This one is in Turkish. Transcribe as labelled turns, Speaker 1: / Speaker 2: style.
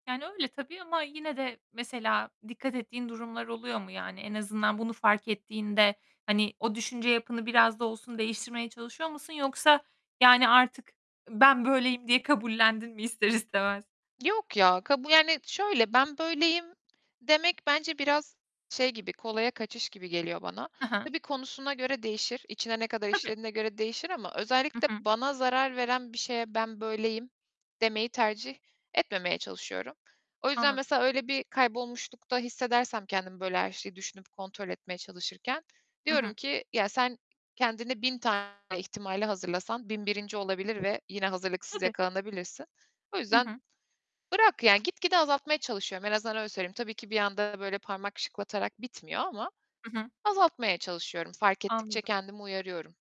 Speaker 1: Yani, öyle tabii ama yine de mesela dikkat ettiğin durumlar oluyor mu? Yani, en azından bunu fark ettiğinde, hani, o düşünce yapını biraz da olsun değiştirmeye çalışıyor musun yoksa, yani, artık ben böyleyim diye kabullendin mi ister istemez?
Speaker 2: Yok ya, kabu yani, şöyle, "Ben böyleyim." demek bence biraz şey gibi, kolaya kaçış gibi geliyor bana.
Speaker 1: Hı hı.
Speaker 2: Tabii konusuna göre değişir, içine ne kadar
Speaker 1: Tabii.
Speaker 2: işlediğine göre değişir ama
Speaker 1: Hı
Speaker 2: özellikle
Speaker 1: hı.
Speaker 2: bana zarar veren bir şeye ben böyleyim demeyi tercih etmemeye çalışıyorum. O yüzden
Speaker 1: Anladım.
Speaker 2: mesela öyle bir kaybolmuşlukta hissedersem kendimi, böyle her şeyi düşünüp kontrol etmeye çalışırken,
Speaker 1: Hı hı.
Speaker 2: diyorum ki, "Ya, sen kendine 1000 tane ihtimale hazırlasan 1001'inci olabilir ve yine hazırlıksız
Speaker 1: Tabii.
Speaker 2: yakalanabilirsin. O
Speaker 1: Hı
Speaker 2: yüzden
Speaker 1: hı.
Speaker 2: bırak." Yani, gitgide azaltmaya çalışıyorum, en azından öyle söyleyeyim. Tabii ki bir anda böyle parmak şıklatarak bitmiyor ama
Speaker 1: Hı hı.
Speaker 2: azaltmaya çalışıyorum, fark
Speaker 1: Anladım.
Speaker 2: ettikçe kendimi uyarıyorum.